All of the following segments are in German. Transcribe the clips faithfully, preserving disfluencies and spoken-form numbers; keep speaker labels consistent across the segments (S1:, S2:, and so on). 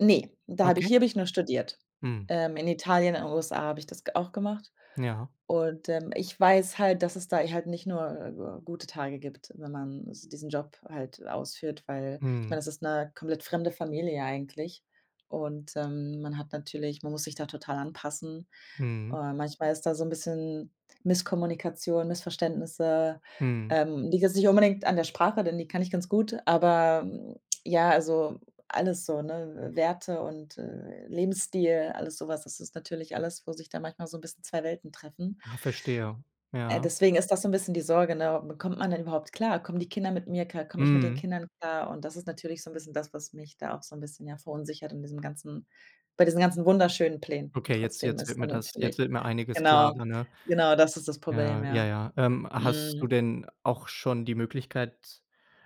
S1: Ne, da hab ich
S2: Okay.
S1: hier hab ich nur studiert.
S2: Mhm.
S1: Ähm, in Italien und USA hab ich das ge auch gemacht.
S2: Ja.
S1: Und, ähm, ich weiß halt, dass es da halt nicht nur, äh gute Tage gibt, wenn man s diesen Job halt ausführt, weil ich mein,
S2: Mhm.
S1: das ist 'ne komplett fremde Familie eigentlich. Und, ähm, man hat natürlich man muss sich da total anpassen.
S2: Mhm.
S1: Äh, manchmal ist da so 'n bisschen Misskommunikation, Missverständnisse.
S2: Mhm.
S1: Ähm, liegt jetzt nicht unbedingt an der Sprache, denn die kann ich ganz gut. Aber mhm ja, also alles so, ne Werte und, äh, Lebensstil, alles so was. Das ist natürlich alles, wo sich da manchmal so 'n bisschen zwei Welten treffen.
S2: Ah, verstehe.
S1: Äh,
S2: Ja.
S1: deswegen ist das so 'n bisschen die Sorge, ne? Kommt man denn überhaupt klar? Kommen die Kinder mit mir klar? Komm ich mit den
S2: Mhm.
S1: Kindern klar? Und das ist natürlich so 'n bisschen das, was mich da auch so 'n bisschen, ja, verunsichert in diesem ganzen bei diesen ganzen wunderschönen Plänen
S2: Okay. Jetzt
S1: trotzdem
S2: jetzt
S1: ist dann
S2: wird das jetzt
S1: natürlich
S2: mir einiges
S1: Genau.
S2: klarer, ne.
S1: Genau das ist das Problem,
S2: Ja. Ja,
S1: ja.
S2: ja. Ähm, hast
S1: Mhm.
S2: du denn auch schon die Möglichkeit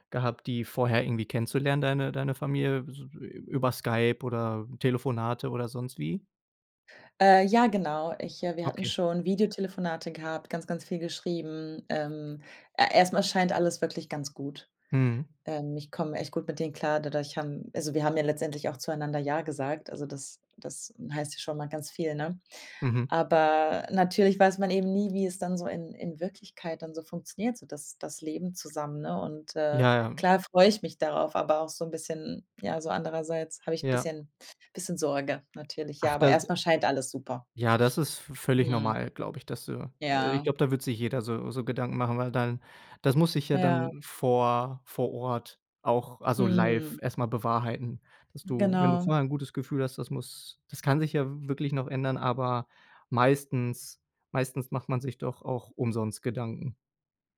S2: gehabt, die vorher irgendwie kennenzulernen, deine deine Familie s über Skype oder Telefonate oder sonst wie?
S1: Äh, ja, genau. Ich, äh wir hatten
S2: Okay.
S1: schon Videotelefonate gehabt, ganz, ganz viel geschrieben. Ähm, er erst mal scheint alles wirklich ganz gut.
S2: Mhm.
S1: Ähm, ich komme echt gut mit denen klar dadurch haben also wir haben ja letztendlich auch zueinander „ja“ gesagt. Also, das das heißt ja schon mal ganz viel, ne?
S2: Mhm.
S1: Aber natürlich weiß man eben nie, wie es dann so in in Wirklichkeit dann so funktioniert, so das das Leben zusammen, ne? Und, äh,
S2: Ja, ja.
S1: klar freue ich mich darauf, aber auch so 'n bisschen ja, so andererseits habe ich 'n
S2: Ja.
S1: bisschen bisschen Sorge natürlich. Ja,
S2: Ach,
S1: aber
S2: das
S1: erst
S2: d
S1: mal scheint alles super.
S2: Ja, das ist v völlig
S1: Mhm.
S2: normal, glaube ich, dass du ich
S1: Ja.
S2: glaub, da wird sich jeder so so Gedanken machen, weil dann das muss sich ja
S1: Ja.
S2: dann vor vor Ort auch also live
S1: Mhm.
S2: erst mal bewahrheiten, dass du wenn du
S1: Genau.
S2: vorher 'n gutes Gefühl hast, das muss das kann sich ja wirklich noch ändern, aber meistens meistens macht man sich doch auch umsonst Gedanken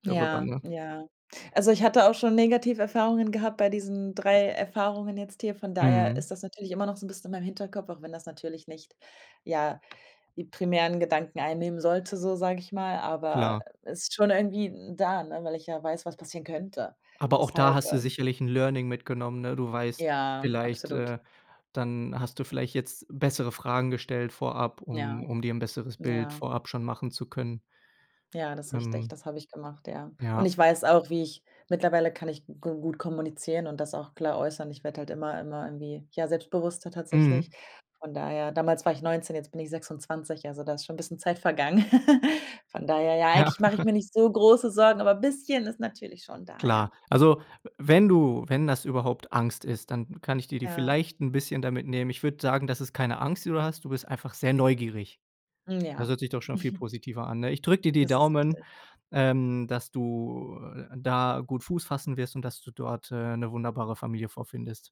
S2: darüber,
S1: Ja,
S2: ne?
S1: ja. Also, ich hatte auch schon negative Erfahrungen gehabt bei diesen drei Erfahrungen jetzt hier. Von daher ist
S2: Mhm.
S1: das natürlich immer noch so 'n bisschen in meinem Hinterkopf, auch wenn das natürlich nicht ja, die primären Gedanken einnehmen sollte so sag ich mal, aber
S2: Klar.
S1: ist schon irgendwie n da, weil ich ja weiß, was passieren könnte.
S2: Aber auch da
S1: Deshalb,
S2: hast du
S1: ähm
S2: sicherlich 'n Learning mitgenommen. Ne, du weißt
S1: Ja,
S2: vielleicht,
S1: absolut.
S2: äh dann hast du vielleicht jetzt bessere Fragen gestellt vorab,
S1: Ja,
S2: um um dir 'n besseres Bild
S1: ja.
S2: vorab schon machen zu können.
S1: Ja, das ist richtig,
S2: Ähm.
S1: das habe ich gemacht, ja. Und,
S2: Ja.
S1: ich weiß auch, wie ich ich mittlerweile kann ich g gut kommunizieren und das auch klar äußern. Ich werde halt immer immer irgendwie ja selbstbewusster tatsächlich.
S2: Mhm.
S1: Von daher damals war ich neunzehn, jetzt bin ich sechsundzwanzig, also da ist schon 'n bisschen Zeit vergangen. Von daher, ja
S2: Ja.
S1: eigentlich mach ich mir nicht so große Sorgen, aber bisschen ist natürlich schon da,
S2: Klar.
S1: ja.
S2: Also, we wenn du wenn das überhaupt Angst ist, dann kann ich dir die
S1: Ja.
S2: vielleicht 'n bisschen damit nehmen. Ich würde sagen, dass es keine Angst, die du hast. Du bist einfach sehr neugierig. Das
S1: Ja.
S2: hört sich doch schon viel positiver an, ne? Ich drücke dir die
S1: Das ist
S2: Daumen,
S1: richtig.
S2: ähm, dass du da gut Fuß fassen wirst und dass du dort, äh, 'ne wunderbare Familie vorfindest.